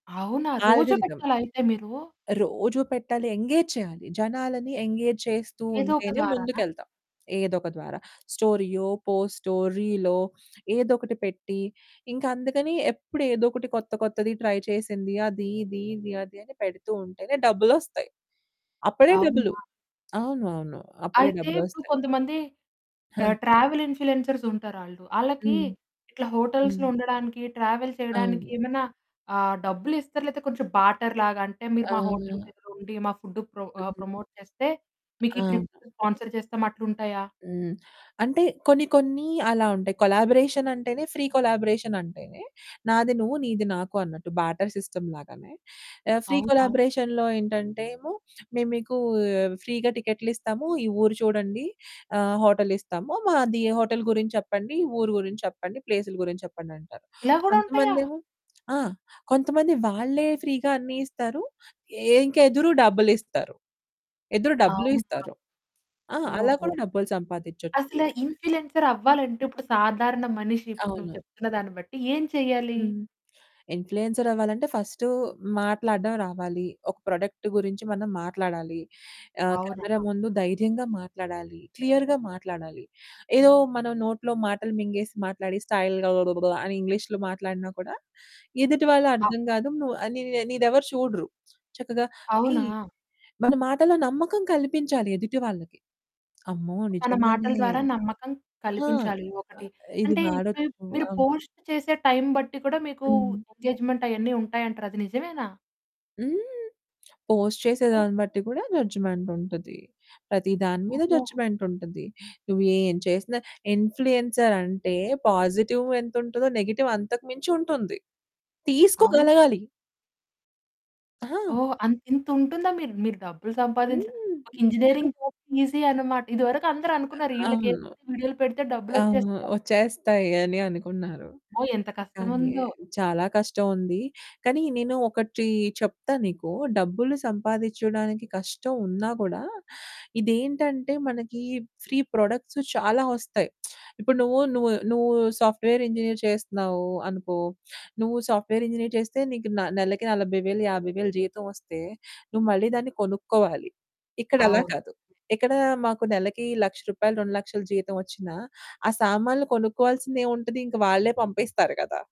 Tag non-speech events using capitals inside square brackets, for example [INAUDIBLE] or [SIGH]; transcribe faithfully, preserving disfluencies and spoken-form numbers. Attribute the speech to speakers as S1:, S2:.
S1: అవునా! రోజు
S2: ఆల్గరితం.
S1: పెట్టాలా అయితే మీరు?
S2: రోజూ పెట్టాలి, ఎంగేజ్ చేయాలి. జనాలని ఎంగేజ్ చేస్తూ
S1: ఏదో ఒక
S2: ఉంటేనే
S1: ద్వారానా?
S2: ముందుకెళ్తాం. ఏదో ఒక ద్వారా. స్టోరీయో, పోస్టో, రీలో ఏదో ఒకటి పెట్టి, ఇంక అందుకని ఎప్పుడు ఏదో ఒకటి కొత్త కొత్తది ట్రై చేసింది, అది, ఇది, ఇది, అది అని పెడుతూ ఉంటేనే డబ్బులొస్తాయి. అప్పుడే డబ్బులు.
S1: అవునా.
S2: అవును, అవును. అప్పుడే
S1: అయితే ఇప్పుడు
S2: డబ్బులొస్తాయి.
S1: కొంతమంది
S2: ఆ!
S1: ఆహ్, ట్రావెల్ ఇన్‌ఫ్లుయెన్సర్స్ ఉంటారాళ్ళు. ఆళ్ళకి
S2: హ్మ్.
S1: ఇట్లా
S2: హ్మ్.
S1: హోటల్స్‌లో ఉండడానికి, ట్రావెల్ చేయడానికి
S2: అవును.
S1: ఏమైనా ఆహ్, డబ్బులిస్తారా? లేకపోతే కొంచెం బార్టర్ లాగా, అంటే "మీరు మా హోటల్
S2: ఆ!
S1: దగ్గర ఉండి మా ఫుడ్‌ను ప్రో ఆహ్,
S2: హ్మ్.
S1: ప్రమోట్ చేస్తే, మీకీ ట్రిప్‌ను
S2: అవును.
S1: స్పాన్సర్ చేస్తాం" అట్లుంటాయా?
S2: హ్మ్. అంటే కొన్ని కొన్ని అలా ఉంటాయి. కొలాబరేషన్ అంటేనే ఫ్రీ కొలాబరేషన్ అంటేనే "నాది నువ్వు, నీది నాకు" అన్నట్టు బార్టర్ సిస్టమ్ లాగానే. ఆహ్, ఫ్రీ
S1: అవునా.
S2: కొలాబరేషన్‌లో ఏంటంటేము, "మేము మీకు ఫ్రీగా టికెట్లు ఇస్తాము, ఈ ఊరు చూడండి, ఆహ్, హోటల్ ఇస్తాము. మా హోటల్ గురించి చెప్పండి, ఊరు గురించి చెప్పండి, ప్లేసుల గురించి చెప్పండి" అంటారు.
S1: ఇలా కూడా ఉంటాయా?
S2: కొంతమందేమో ఆ! కొంతమంది వాళ్ళే ఫ్రీగా అన్నీ ఇస్తారు. ఇంకెదురు డబ్బులిస్తారు. ఎదురు డబ్బులు
S1: అవునా!
S2: ఇస్తారు. ఆ! అలా
S1: ఓహో!
S2: కూడా డబ్బులు సంపాదించొచ్చు.
S1: అసలు ఇన్‌ఫ్లుయెన్సర్
S2: హ్మ్.
S1: అవ్వాలంటే ఇప్పుడు సాధారణ మనిషి, ఇప్పుడు నువ్వు
S2: అవును.
S1: చెప్తున్న దాన్ని బట్టి ఏం చేయ్యాలి?
S2: హ్మ్. ఇన్‌ఫ్లుయెన్సర్ అవ్వాలంటే ఫస్ట్ మాట్లాడడం రావాలి. ఒక ప్రొడక్ట్ గురించి మనం మాట్లాడాలి. ఆహ్,
S1: అవునా!
S2: కెమెరా ముందు ధైర్యంగా మాట్లాడాలి. క్లియర్‌గా మాట్లాడాలి. ఏదో మనం నోట్లో మాటలు మింగేసి మాట్లాడి స్టైల్‌గా అని ఇంగ్లీష్లో మాట్లాడినా కూడా ఎదుటి
S1: అవు
S2: వాళ్ళర్థం కాదు. నువ్వు ఆహ్, నీదెవరు చూడరు. చక్కగా ఈ
S1: అవునా!
S2: మన మాటలో నమ్మకం కల్పించాలి ఎదుటి వాళ్ళకి. "అమ్మో!
S1: మన మాటల
S2: నిజంగానే
S1: ద్వారా నమ్మకం
S2: ఆ!
S1: కల్పించాలి
S2: ఆ!
S1: ఒకటి.
S2: ఇది
S1: అంటే ఇప్పుడు
S2: వాడొచ్చు."
S1: మీరు
S2: అవును.
S1: పోస్ట్ చేసే టైమ్ బట్టి కూడా మీకు
S2: హ్మ్.
S1: ఎంగేజ్‌మెంట్ అయన్నీ ఉంటాయంటారు. అది నిజమేనా?
S2: హ్మ్. పోస్ట్
S1: హ్మ్.
S2: చేసేదాన్ని బట్టి కూడా జడ్జ్‌మెంట్ ఉంటది. ప్రతి దాని మీద
S1: ఓహో!
S2: జడ్జ్‌మెంట్ ఉంటది. నువ్వు ఏం చేసినా ఇన్‌ఫ్లుయెన్సర్ అంటే పాజిటివ్ ఎంత ఉంటదో, నెగెటివ్ అంతకు మించి ఉంటుంది.
S1: అవును.
S2: తీసుకోగలగాలి. ఆ!
S1: ఓహ్! అంత ఇంత ఉంటుందా? మీరు మీరు డబ్బులు సంపాదించడానికి
S2: హ్మ్.
S1: ఇంజినీరింగ్ జాబ్ ఈజీ అనమాట. ఇదివరకు అందరనుకున్నారు. ఈళ్ళకేంటి,
S2: అవును.
S1: వీడియోలు పెడితే
S2: ఆ!
S1: డబ్బులొచ్చేస్తాయి.
S2: వచ్చేస్తాయి అని అనుకున్నారు.
S1: ఓహ్! ఎంత కష్టం
S2: కానీ
S1: ఉందో.
S2: చాలా కష్టం ఉంది. కానీ నేను ఒకటి చెప్తా నీకు. డబ్బులు సంపాదించడానికి కష్టం ఉన్నా కూడా ఇదేంటంటే మనకి ఫ్రీ ప్రొడక్ట్స్ చాలా వస్తాయి. [SMACKS LIPS] ఇప్పుడు నువ్వు, నువ్వు, నువ్వు సాఫ్ట్‌వేర్ ఇంజినీర్ చేస్తున్నావు అనుకో. నువ్వు సాఫ్ట్‌వేర్ ఇంజినీర్ చేస్తే నీకు న నెలకి నలభై వేలు యాభై వేలు జీతం వస్తే నువ్వు మళ్ళీ దాన్ని కొనుక్కోవాలి. ఇక్కడలా
S1: అవును.
S2: కాదు. ఎక్కడ మాకు నెలకి లక్ష రూపాయలు రెండు లక్షలు జీతం వచ్చినా ఆ సామాన్లు కొనుక్కోవాల్సిందేముంటది? ఇంక వాళ్ళే పంపిస్తారు కదా!